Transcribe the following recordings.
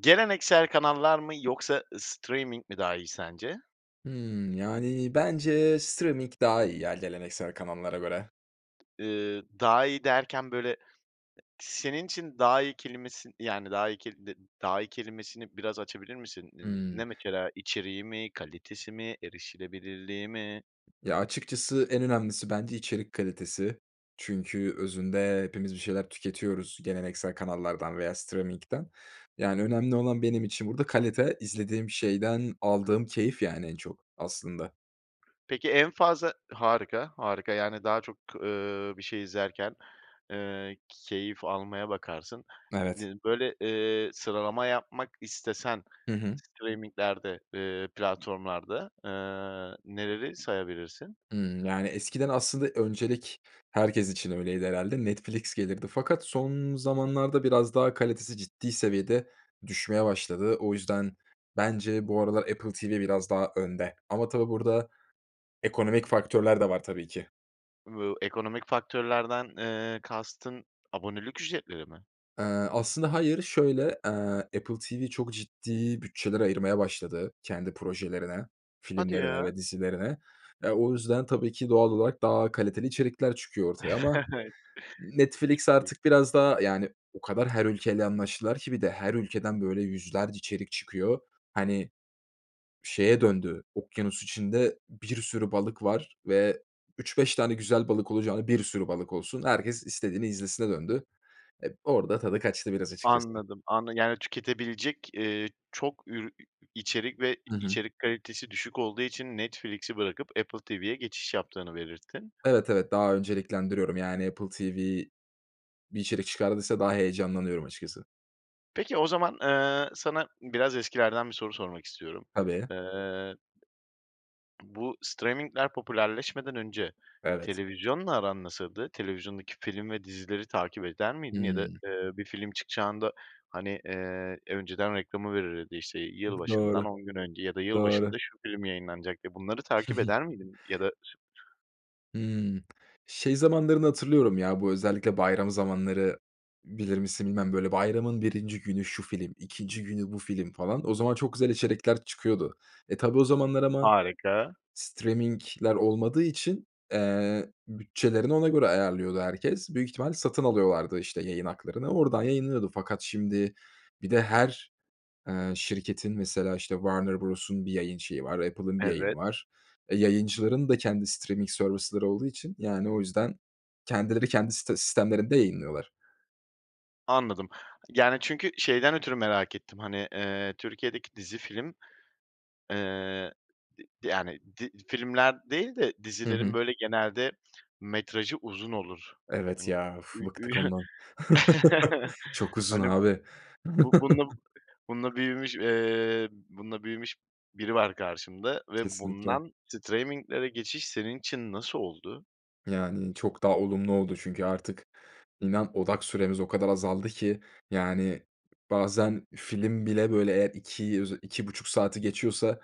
Geleneksel kanallar mı yoksa ı streaming mi daha iyi sence? Hımm, yani, bence streaming daha iyi ya, geleneksel kanallara göre. Eee, daha iyi derken, böyle, e senin için daha iyi kelimesin yani, daha iyi keli de daha iyi kelimesini biraz açabilir misin? Ne ne Hımm. mesela? İçeriği mi, kalitesi mi, erişilebilirliği mi? Ya, açıkçası en önemlisi bence içerik kalitesi çünkü özünde hepimiz bir şeyler tüketiyoruz geleneksel kanallardan veya steaming'den. Yani, önemli olan benim için burada kalite, izlediğim şeyden aldığım keyif, yani, en çok aslında. Peki en fazla Harika, harika, yani, daha çok, eee, bir şey izlerken, eee, keyif almaya bakarsın Evet. dedin. Böyle, eee, sıralama yapmak istesen Hı hı. streaming'lerde, eee, platformlarda, eee, neleri sayabilirsin? Hımm, yani, eskiden aslında öncelik herkes için öyleydi herhâlde. Netflix gelirdi fakat son zamanlarda biraz daha kalitesi ciddi seviyede düşmeye başladı. O yüzden bence bu aralar Apple TV biraz daha önde ama tabii burada ekonomik faktörler de var tabii ki. Bu ekonomik faktörlerden, eee, kastın abonelik ücretleri mi? Eee, aslında hayır, şöyle, eee, Apple TV çok ciddi bütçeler ayırmaya başladı kendi projelerine, Hadi filmlerine ya. ve dizilerine. Eee, o yüzden tabii ki, doğal olarak daha kaliteli içerikler çıkıyor ortaya. Ama Netflix Çok iyi. artık biraz daha, yani, o kadar her ülkeyle anlaştılar ki bir de. Her ülkeden, böyle, yüzlerce içerik çıkıyor. Hani, şeye döndü, okyanus içinde bir sürü balık var ve 3-5 tane güzel balık olacağına bir sürü balık olsun. Herkes istediğini izlesine döndü, eee, orada tadı kaçtı biraz, açıkçası. Anladım, anla yani, tüketebilecek, eee, çok ür iii, içerik ve Hı hı. içerik kalitesi düşük olduğu için Netflix'i bırakıp Apple TV'ye geçiş yaptığını belirttin. Evet, evet, daha önceliklendiriyorum. Yani, Apple TV bir içerik çıkardıysa daha heyecanlanıyorum açıkçası. Peki, o zaman, eee, sana biraz eskilerden bir soru sormak istiyorum. Tabii. Eee, bu streaming'ler popülerleşmeden önce Evet. televizyonla aran nasıldı? Televizyondaki film ve dizileri takip eder miydin? Ya da, Hıı. eee, bir film çıkacağında, hani, eee, önceden reklamı verilirdi, işte, Bu "yılbaşından doğru, 10 gün önce ya da doğru. yılbaşında şu film yayınlanacak" diye, bunları takip eder miydin? Ya da [unintelligible] Hımm, şey zamanlarını hatırlıyorum, ya, bu özellikle bayram zamanları bilir misin bilmem, böyle, bayramın 1'inci günü şu film, 2'nci günü bu film falan o zaman çok güzel içerikler çıkıyordu. E, tabii o zamanlar ama Harika. streaming'ler olmadığı için, eee, bütçelerini ona göre ayarlıyordu herkes. Büyük ihtimal satın alıyorlardı, işte, yayın haklarını oradan yayınlanıyordu. Fakat şimdi bir de her, ııı, şirketin mesela, işte, Warner Bros'un bir yayın şeyi var, Apple'ın bir yayını Evet. var. E, yayıncıların da kendi streaming service'ları olduğu için, yani, o yüzden kendileri kendi sis sistemlerinde yayınlıyorlar. Anladım. Yani, çünkü şeyden ötürü merak ettim, hani, ııı, Türkiye'deki dizi, film, ııı, d yani di filmler değil de Hı dizilerin hı. böyle genelde metrajı uzun olur. Evet Hani, ya, uf, ü ü bıktık ondan. Çok uzun Hani, abi. bu bunu bununla büyümüş, ııı, bununla büyümüş biri var karşımda ve Kesinlikle. bundan straming'lere geçiş senin için nasıl oldu? Yani, çok daha olumlu oldu çünkü artık inan odak süremiz o kadar azaldı ki, yani, bazen film bile, böyle, eğer 2 öze 2,5 saati geçiyorsa,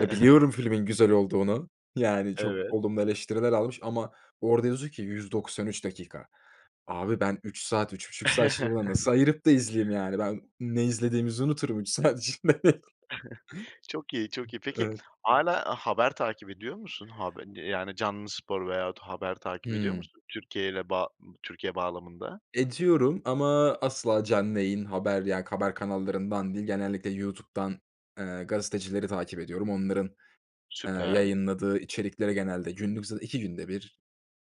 ya biliyorum filmin güzel olduğunu, yani, çok Evet. olumlu eleştiriler almış ama orada yazıyor ki 193 dakika. Abi, ben 3 saat 3,5 saat şimdi buna nasıl ayırıp da izleyeyim, yani, ben ne izlediğimizi unuturum 3 saat içinde. Çok iyi çok iyi. Peki, Evet. hâlâ haber takip ediyor musun? Hab e, yani canlı spor veyahut haber takip ediyor Hımm. musun Türkiye'yle bağ Türkiye bağlamında? Ediyorum ama asla canlı yayın haber, yani, haber kanallarından değil, genellikle YouTube'dan, ııı, gazetecileri takip ediyorum. Onların, ııı, Süper. yayınladığı içerikleri genelde günlük zaten 2 günde 1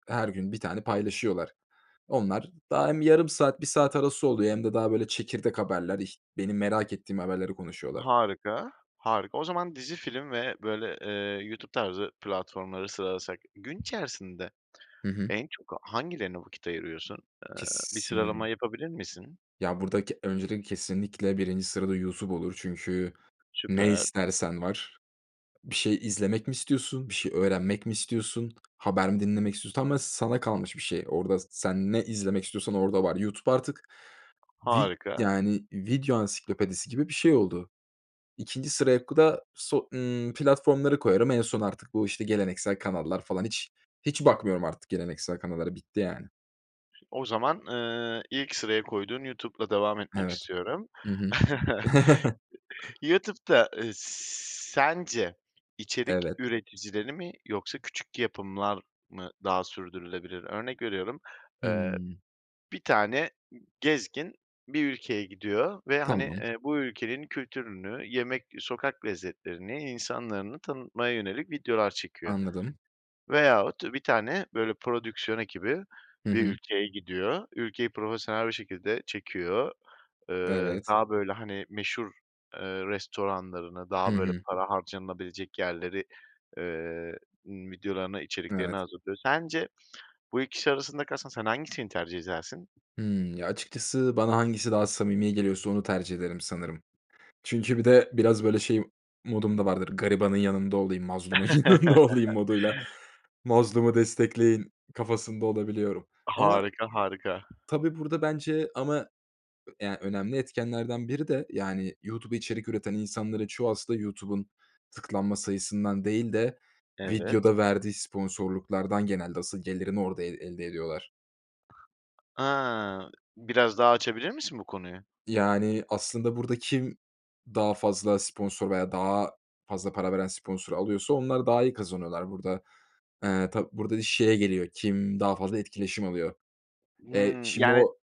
her gün 1 tane paylaşıyorlar. Onlar daha hem yarım saat 1 saat arası oluyor hem de daha böyle çekirdek haberler, ih benim merak ettiğim haberleri konuşuyorlar. Harika harika. O zaman dizi, film ve böyle, ııı, YouTube tarzı platformları sıralasak gün içerisinde Hı hı. en çok hangilerine vakit ayırıyorsun? Eee, bir sıralama Kesin yapabilir misin? Ya, buradak öncelikle kesinlikle 1'inci sırada YouTube olur. Çünkü ne Süper. istersen var. Bir şey izlemek mi istiyorsun, bir şey öğrenmek mi istiyorsun, haber mi dinlemek istiyorsun, tamamen sana kalmış bir şey. Orada sen ne izlemek istiyorsan orada var. YouTube artık vi Harika. yani, video ansiklopedisi gibi bir şey oldu. 2'nci sıraya ku da so ımm, platformları koyarım. En son artık bu, işte, geleneksel kanallar falan hiç hiç bakmıyorum artık geleneksel kanallara bitti, yani. O zaman, eee, ilk sıraya koyduğun YouTube'la devam etmek Evet. istiyorum. Hı hı. YouTube'da, eee, sence içerik Evet. üreticileri mi yoksa küçük yapımlar mı daha sürdürülebilir? Örnek veriyorum, eee, Hıı. bir tane gezgin bir ülkeye gidiyor ve hani, Tamam. eee, bu ülkenin kültürünü, yemek, sokak lezzetlerini, insanlarını tanıtmaya yönelik videolar çekiyor. Anladım. Veyahut bir tane, böyle, prodüksiyon ekibi Hı bir hı. ülkeye gidiyor, ülkeyi profesyonel bir şekilde çekiyor. Eee, Evet. daha böyle, hani, meşhur, eee, restoranlarını, Hı daha böyle hı. para harcanılabilecek yerleri, eee, videolarını, içeriklerini Evet. hazırlıyor. Sence bu ikisi arasında kalsan sen hangisini tercih edersin? Hıı. Ya, açıkçası bana hangisi daha samimi geliyorsa onu tercih ederim sanırım. Çünkü bir de biraz, böyle, şey modum da vardır. Garibanın yanında olayım, mazlumun yanında olayım moduyla mazlumu destekleyin kafasında olabiliyorum. Ama Harika, harika. tabii, burada bence ama ya, önemli etkenlerden biri de, yani, YouTube'a içerik üreten insanların çoğu aslında YouTube'un tıklanma sayısından değil de Evet. videoda verdiği sponsorluklardan genelde asıl gelirini orada el elde ediyorlar. A! Biraz daha açabilir misin bu konuyu? Yani, aslında, burada kim daha fazla sponsor veya daha fazla para veren sponsoru alıyorsa onlar daha iyi kazanıyorlar. Burada, eee, tab burada şeye geliyor kim daha fazla etkileşim alıyor. Eee, Hıı. şimdi Yani o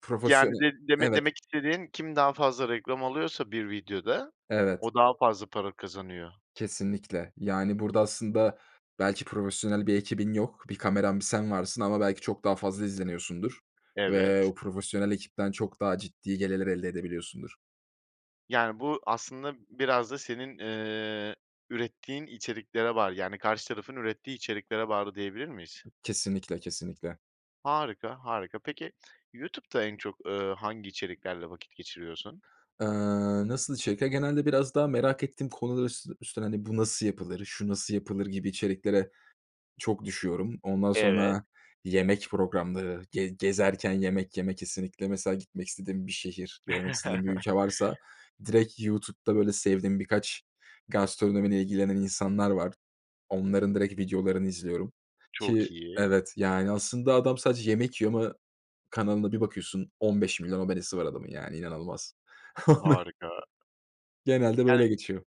profesyone Yani, de demek evet. demek istediğin kim daha fazla reklam alıyorsa bir videoda, Evet. o daha fazla para kazanıyor. Kesinlikle. Yani, burada, aslında, belki profesyonel bir ekibin yok, bir kameran, bir sen varsın ama belki çok daha fazla izleniyorsundur ve Evet. o profesyonel ekipten çok daha ciddi gelirler elde edebiliyorsundur. Yani, bu aslında biraz da senin, eee, ürettiğin içeriklere bağlı, yani, karşı tarafın ürettiği içeriklere bağlı diyebilir miyiz? Kesinlikle. Kesinlikle. Harika, harika. Peki, YouTube'da en çok, eee, hangi içeriklerle vakit geçiriyorsun? Eee, nasıl içerikler? Genelde biraz daha merak ettiğim konular üs üstünden, hani, bu nasıl yapılır, şu nasıl yapılır gibi içeriklere çok düşüyorum. Ondan Evet. sonra yemek programları, ge gezerken yemek yemek kesinlikle, mesela, gitmek istediğim bir şehir, görmek istediğim bir ülke varsa direkt YouTube'da, böyle, sevdiğim birkaç gastronomiyle ilgilenen insanlar var. Onların direkt videolarını izliyorum Çok ki, iyi. evet, yani, aslında, adam sadece yemek yiyor ama kanalında bir bakıyorsun 15 milyon abonesi var adamın, yani, inanılmaz. Harika. Genelde Yani, böyle geçiyor.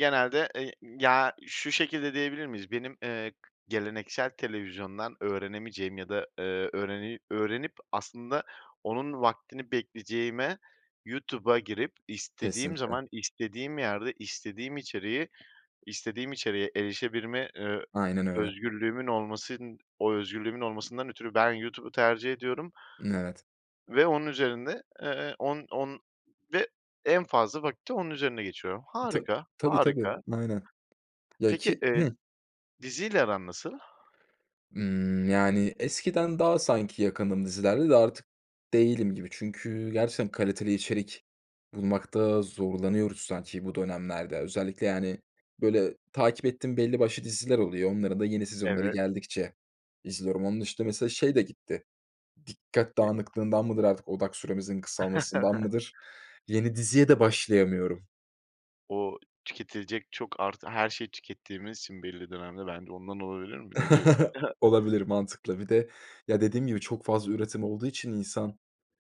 genelde, eee, ı ya, şu şekilde diyebilir miyiz? Benim, eee, geleneksel televizyondan öğrenemeyeceğim ya da, eee, öğreni öğrenip, aslında, onun vaktini bekleyeceğime YouTube'a girip istediğim Kesinlikle. zaman istediğim yerde istediğim içeriği, istediğim içeriğe erişebilme, eee, Aynen öyle. özgürlüğümün olmasın o özgürlüğümün olmasından ötürü ben YouTube'u tercih ediyorum N evet. ve onun üzerinde, eee, on on ve en fazla vakit de onun üzerine geçiyorum. Ta Harika, tabii, tabii harika. aynen. Ya, Peki, ki eee, Hıı. diziyle aran nasıl? Imm, yani, eskiden daha, sanki, yakındım dizilerle de artık değilim gibi. Çünkü gerçekten kaliteli içerik bulmakta zorlanıyoruz sanki bu dönemlerde, özellikle, yani, böyle, takip ettiğim belli başlı diziler oluyor. Onların da yeni sezonları Evet. geldikçe izliyorum. Onun dışında, mesela, şey de gitti. Dikkat Ne dağınıklığından mıdır, artık, odak süremizin kısalmasından mıdır? Yeni diziye de başlayamıyorum. O, tüketilecek çok artı her şey tükettiğimiz için belli dönemde bence ondan olabilir mi? Ne diyorsun? Olabilir, mantıklı. Bir de, ya, dediğim gibi çok fazla üretim olduğu için insan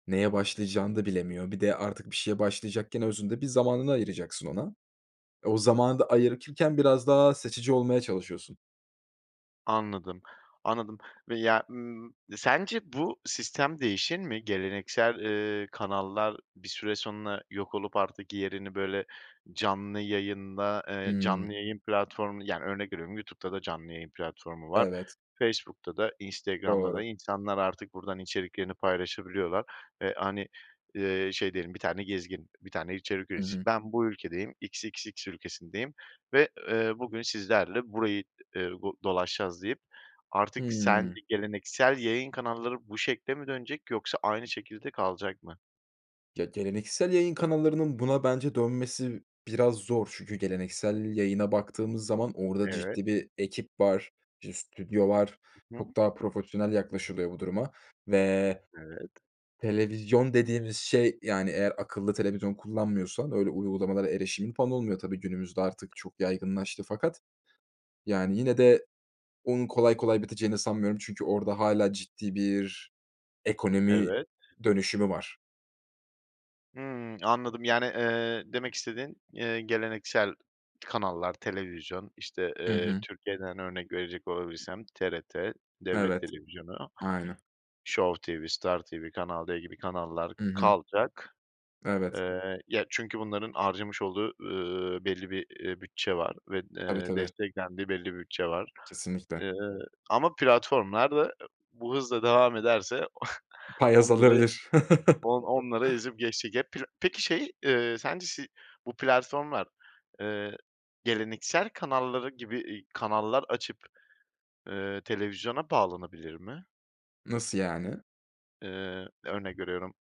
neye başlayacağını da bilemiyor. Bir de artık bir şeye başlayacakken özünde bir zamanını ayıracaksın ona. Eee, o zamanı da ayırırken biraz daha seçici olmaya çalışıyorsun. Anladım, anladım veya, ımm, sence bu sistem değişir mi? Geleneksel, eee, kanallar bir süre sonra yok olup artık yerini böyle canlı yayında, eee, canlı Hımm. yayın platformu, yani, örnek veriyorum YouTube'da da canlı yayın platformu var, Evet. Facebook'ta da, Instagram'da da Doğru. insanlar artık buradan içeriklerini paylaşabiliyorlar ve hani, ııı, şey diyelim, bir tane gezgin, bir tane içerik Hı üreticisi hı. ben bu ülkedeyim, XXX ülkesindeyim ve, eee, bugün sizlerle burayı, eee, do dolaşacağız deyip artık sen Hımm. bir geleneksel yayın kanalları bu şekile mi dönecek yoksa aynı şekilde kalacak mı? Ya, geleneksel yayın kanallarının buna bence dönmesi biraz zor çünkü geleneksel yayına baktığımız zaman orada Evet. ciddi bir ekip var, bir stüdyo var. Hı hı. Çok daha profesyonel yaklaşılıyor bu duruma ve Evet. televizyon dediğimiz şey, yani, eğer akıllı televizyon kullanmıyorsan öyle uygulamalara erişimin, falan, olmuyor, tabii, günümüzde artık çok yaygınlaştı fakat, yani, yine de onun kolay kolay biteceğini sanmıyorum. Çünkü orada hâlâ ciddi bir ekonomi Evet. dönüşümü var. Hımm, anladım, yani, ııı, demek istediğin, eee, geleneksel kanallar, televizyon, işte, Hı ııı, hı. Türkiye'den örnek verecek olabilsem TRT, devlet Evet, televizyonu, aynen. Show TV, Star TV, Kanal D gibi kanallar Hı hı. kalacak. Evet. Eee, ya, çünkü bunların harcamış olduğu, ııı, belli bir, ııı, bütçe var ve, Tabii, ııı, tabii. desteklendiği belli bir bütçe var. Kesinlikle. Eee, ama platformlar da bu hızla devam ederse Pay onları, azalabilir. on onları ezip geçecek. Hep pira Peki şey, eee, sence şey, bu platformlar, ııı, geleneksel kanallar gibi, eee, kanallar açıp, ııı, televizyona bağlanabilir mi? Nasıl yani? Eee, örnek veriyorum,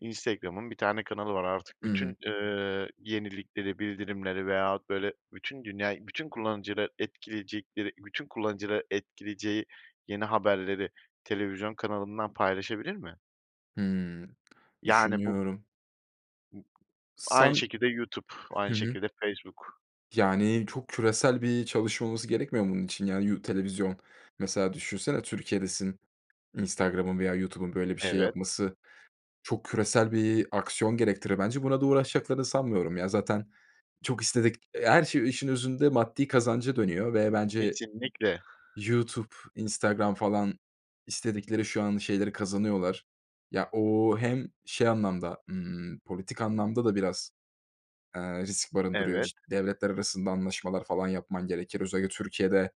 Instagram'ın bir tane kanalı var artık, Hımm. bütün, eee, yenilikleri, bildirimleri veyahut böyle, bütün dünyayı, bütün kullanıcıları etkileyecekleri, bütün kullanıcıları etkileyeceği yeni haberleri televizyon kanalından paylaşabilir mi? Hımm. Yani bu Düşünüyorum. b aynı San şekilde YouTube, Hı aynı hı. şekilde Facebook. Yani, çok küresel bir çalışma olması gerekmiyor mu bunun için, yani, yu televizyon mesela düşünsene Türkiye'desin, Instagram'ın veya YouTube'un, böyle, bir şey Evet. yapması çok küresel bir aksiyon gerektirir bence. Buna da uğraşacaklarını sanmıyorum, ya, zaten çok istedik her şey işin özünde maddi kazanca dönüyor ve bence Kesinlikle. YouTube, Instagram, falan, istedikleri şu an şeyleri kazanıyorlar. Ya, ooo, hem şey anlamda, ımm, politik anlamda da biraz, eee, risk barındırıyor. Evet. Ci devletler arasında anlaşmalar falan yapman gerekir. Özellikle Türkiye'de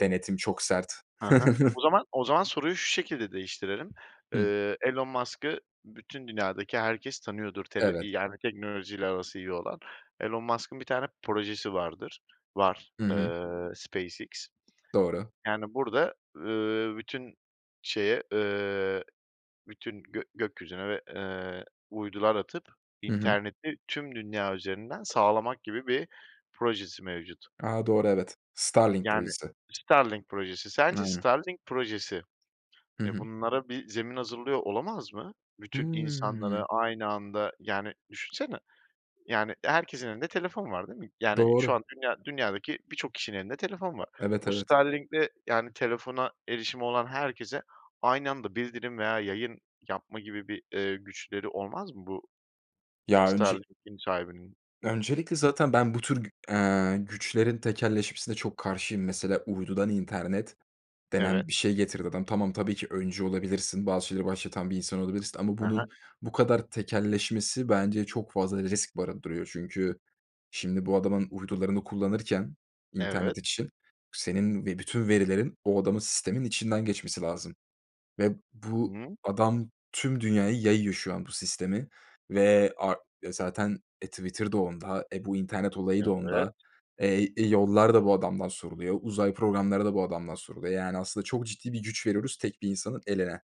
denetim çok sert. Ha ha. O zaman o zaman soruyu şu şekilde değiştirelim. Hıı. Iıı, Elon Musk'ı bütün dünyadaki herkes tanıyordur tele Evet. iii, yani, teknolojiyle arası iyi olan. Elon Musk'ın 1 tane projesi vardır var, Hı hı. ııı, SpaceX. Doğru. Yani, burada, ııı, bütün şeye, ııı, bütün gök gökyüzüne ve, eee, uydular atıp Hı hı. interneti tüm dünya üzerinden sağlamak gibi bir projesi mevcut. A, doğru evet. Starlink Yani, projesi. Starlink projesi, sence Aynen. Starlink projesi, Hı eee, hı. bunlara bir zemin hazırlıyor olamaz mı? Bütün Hıı. insanlara aynı anda, yani, düşünsene, yani, herkesin elinde telefon var değil mi? Yani, şu Doğru. an dünya dünyadaki birçok kişinin elinde telefon var. Evet, Bu evet. Starlink'le, yani, telefona erişimi olan herkese aynı anda bildirim veya yayın yapma gibi bir, eee, güçleri olmaz mı bu Ya önce Starlink'in sahibinin? öncelikle zaten ben bu tür gü eee, güçlerin tekelleşmesine çok karşıyım. Mesela, uydudan internet Evet. denen bir şey getirdi adam. Tamam, tabii ki, öncü olabilirsin, bazı şeyleri başlatan bir insan olabilirsin ama Hı hı. bunun bu kadar tekelleşmesi bence çok fazla risk barındırıyor çünkü şimdi bu adamın uydularını kullanırken Evet. internet için senin ve bütün verilerin o adamın sisteminin içinden geçmesi lazım ve Hı bu hı. adam tüm dünyaya yayıyor şu an bu sistemi ve ar zaten, e, Twitter da onda, e, bu internet olayı da Evet. onda, eee e, yollar da bu adamdan soruluyor, uzay programları da bu adamdan soruluyor. Yani, aslında, çok ciddi bir güç veriyoruz tek bir insanın eline.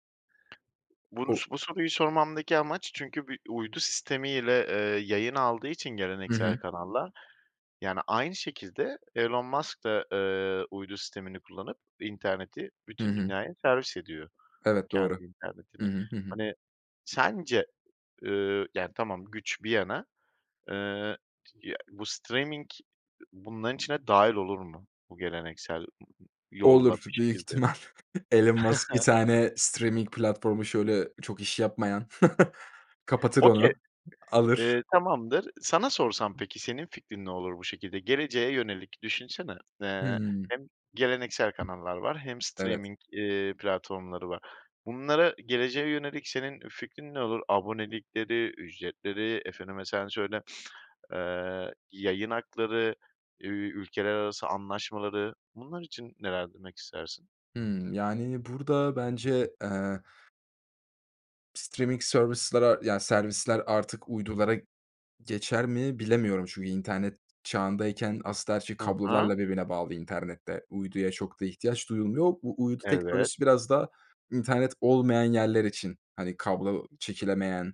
O. Bunus bu soruyu sormamdaki amaç çünkü bir uydu sistemiyle, eee, yayın aldığı için Hı geleneksel hı. kanallar, yani, aynı şekilde Elon Musk da, eee, uydu sistemini kullanıp interneti Hı bütün hı. dünyaya servis ediyor Evet, doğru. kendi Hı internetini. hı, hı hı. Hani, sence, ııı, yani, tamam güç bir yana, eee, t ya, bu streaming bunların içine dâhil olur mu? Bu geleneksel m yolla Olur bir büyük şekilde. ihtimal. Elon Musk 1 tane streaming platformu, şöyle, çok iş yapmayan. Kapatır Okay, onu, alır. ııı, tamamdır. Sana sorsam peki, senin fikrin ne olur bu şekilde? Geleceğe yönelik, düşünsene. Eee, Hıı. hem geleneksel kanallar var hem Evet. streaming iii, platformları var. Bunlara geleceğe yönelik senin fikrin ne olur? Abonelikleri, ücretleri, efendime sen söyle eee, yayın hakları, üüü, ülkeler arası anlaşmaları, bunlar için neler demek istersin? Hıı, yani, burada bence, eee streaming service'lere yani, servisler artık uydulara geçer mi bilemiyorum çünkü internet çağındayken, aslında, her şey Hı hı. kablolarla birbirine bağlı internette. Uyduya çok da ihtiyaç duyulmuyor. U uydu Evet. teknolojisi biraz daha internet olmayan yerler için, hani, kablo çekilemeyen,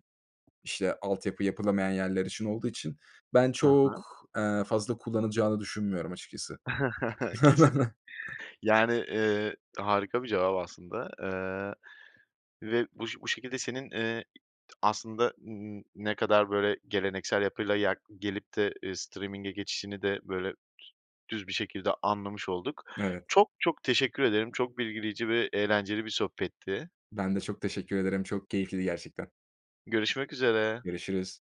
işte altyapı yapılamayan yerler için olduğu için ben Hı hı. çok, eee, fazla kullanılacağını düşünmüyorum açıkçası. Kesin, yani, eee, harika bir cevap aslında, eee, ve buş bu şekilde senin, eee, aslında n n ne kadar böyle geleneksel yapıyla yak gelip de, eee streaming'e geçişini de böyle düz bir şekilde anlamış olduk. Evet. Çok, çok teşekkür ederim. Çok bilgileyici ve eğlenceli bir sohbetti. Ben de çok teşekkür ederim. Çok keyifliydi, gerçekten. Görüşmek üzere. Görüşürüz.